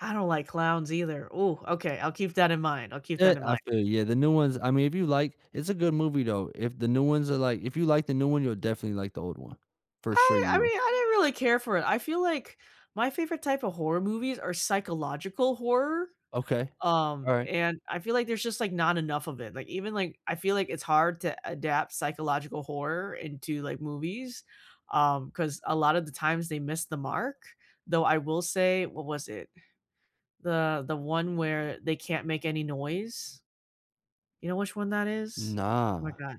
I don't like clowns either. Ooh, okay, I'll keep that in mind. I'll keep Yeah, that in I mind. feel you. Yeah, the new ones I mean, if you like it's a good movie though. If the new ones are like If you like the new one, you'll definitely like the old one, for sure I you I will. mean, I didn't really care for it, I feel like my favorite type of horror movies are psychological horror, Okay. All um, right. and I feel like there's just, like, not enough of it, like, even like I feel like it's hard to adapt psychological horror into, like, movies, um, 'cause a lot of the times they missed the mark, though I will say What was it? The The one where they can't make any noise. You know which one that is? Oh my Nah. god.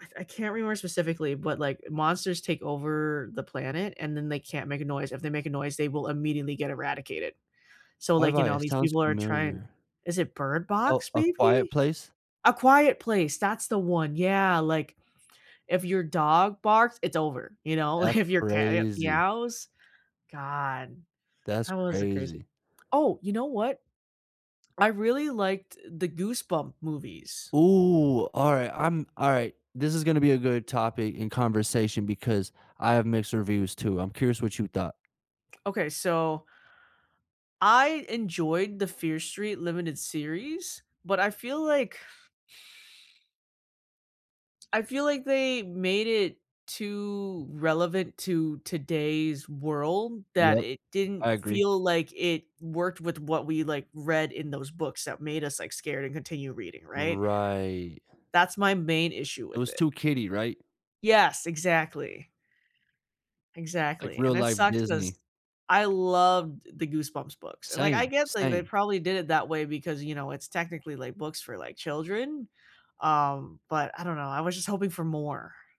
I f I can't remember specifically, but, like, monsters take over the planet and then they can't make a noise, if they make a noise, they will immediately get eradicated, so, Have like, you I know, It these sounds people are trying familiar. Is it Bird Oh, Box A Quiet maybe? Place? A Quiet Place, that's the one, yeah, like, if your dog barks, it's over, you know? Like, That's if your cat ye crazy. meows god, That's that was it crazy crazy. Oh, you know what? I really liked the Goosebump movies. Ooh, all right. I'm All right. This is gonna be a good topic in conversation because I have mixed reviews too. I'm curious what you thought. Okay, so I enjoyed the Fear Street Limited series, but I feel like I feel like they made it too relevant to today's world that Yep, it I didn't agree. feel like it worked with what we, like, read in those books that made us, like, scared and continue reading, right? Right. That's my main issue It with was it. too kiddy, right? Yes, exactly. Like Exactly, real and it life sucks 'cause Disney. I loved the Goosebumps books, and, like, I Same, guess, like, they same. probably did it that way because, you know, it's technically, like, books for, like, children, um, but I don't know, I was just hoping for more.